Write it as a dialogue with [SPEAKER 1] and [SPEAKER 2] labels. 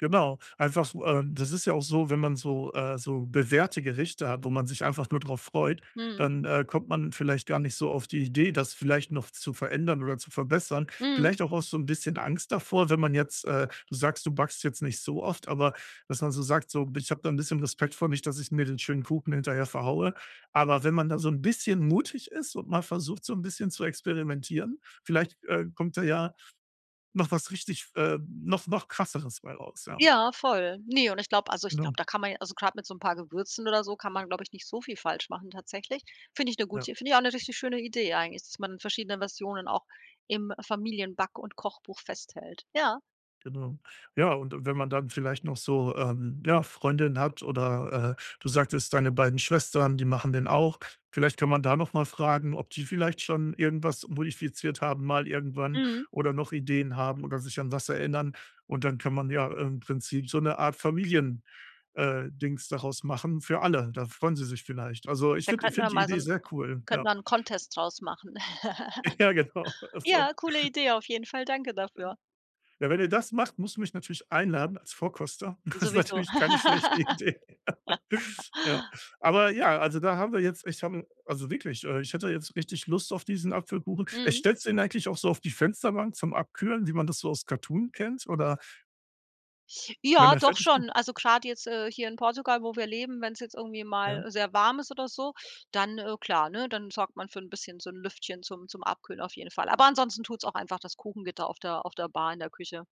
[SPEAKER 1] Genau, einfach so, äh das ist ja auch so, wenn man so, äh so bewährte Gerichte hat, wo man sich einfach nur drauf freut,
[SPEAKER 2] Mhm.
[SPEAKER 1] dann, äh, kommt man vielleicht gar nicht so auf die Idee, das vielleicht noch zu verändern oder zu verbessern.
[SPEAKER 2] Mhm.
[SPEAKER 1] Vielleicht auch aus so 'n bisschen Angst davor, wenn man jetzt, äh du sagst, du backst jetzt nicht so oft, aber dass man so sagt so: „Ich habe da 'n bisschen Respekt vor, nicht, dass ich mir den schönen Kuchen hinterher verhaue.“ Aber wenn man da so 'n bisschen mutig ist und mal versucht, so 'n bisschen zu experimentieren, vielleicht, äh, kommt da ja noch was richtig, ähm noch noch krasseres bei raus, ja.
[SPEAKER 2] Ja, voll. Ne, und ich glaube also, ich glaube,
[SPEAKER 1] Genau.
[SPEAKER 2] da kann man ja, also, grad mit so 'n paar Gewürzen oder so, kann man, glaube ich nicht so viel falsch machen tatsächlich. Finde ich 'ne
[SPEAKER 1] Ja.
[SPEAKER 2] gute finde ich auch 'ne richtig schöne Idee eigentlich, dass man verschiedene Versionen auch im Familienback und Kochbuch festhält. Ja.
[SPEAKER 1] Genau. Ja, und, äh, wenn man dann vielleicht noch so, ähm, ja, Freundinnen hat oder, äh, du sagtest: „Deine beiden Schwestern, die machen den auch“. Vielleicht kann man da noch mal fragen, ob die vielleicht schon irgendwas modifiziert haben, mal irgendwann
[SPEAKER 2] Mhm.
[SPEAKER 1] oder noch Ideen haben oder sich an was erinnern. Und dann kann man ja im Prinzip so 'ne Art Familien, äh, Dings daraus machen für alle, da freuen sie sich vielleicht. Also, ich
[SPEAKER 2] Da
[SPEAKER 1] finde ich
[SPEAKER 2] könnten wir
[SPEAKER 1] finde die
[SPEAKER 2] mal so
[SPEAKER 1] Idee
[SPEAKER 2] 'n
[SPEAKER 1] sehr cool,
[SPEAKER 2] könnten
[SPEAKER 1] ja.
[SPEAKER 2] wir 'n Contest draus machen.
[SPEAKER 1] Ja, genau, das ist auch
[SPEAKER 2] Ja, coole Idee auf jeden Fall. Danke
[SPEAKER 1] Ja.
[SPEAKER 2] dafür.
[SPEAKER 1] Ja, wenn ihr das macht, musst du mich natürlich einladen als Vorkoster. Das ist
[SPEAKER 2] Sowieso.
[SPEAKER 1] natürlich keine schlechte Idee, Ja. Aber, ja, also, da haben wir jetzt ich habe also, wirklich, äh, ich hätte jetzt richtig Lust auf diesen Apfelkuchen. Äh,
[SPEAKER 2] Mhm.
[SPEAKER 1] stellst du den eigentlich auch so auf die Fensterbank zum Abkühlen, wie man das so aus Cartoon kennt oder? Wenn
[SPEAKER 2] Ja,
[SPEAKER 1] er
[SPEAKER 2] doch
[SPEAKER 1] fertig ge
[SPEAKER 2] schon. Also grad jetzt, äh, hier in Portugal, wo wir leben, wenn es jetzt irgendwie
[SPEAKER 1] Ja.
[SPEAKER 2] mal sehr warm ist oder so, dann, äh, klar, ne, dann sorgt man für bisschen so 'n Lüftchen zum zum Abkühlen auf jeden Fall. Aber ansonsten tut es auch einfach das Kuchengitter auf der auf der Bar in der Küche.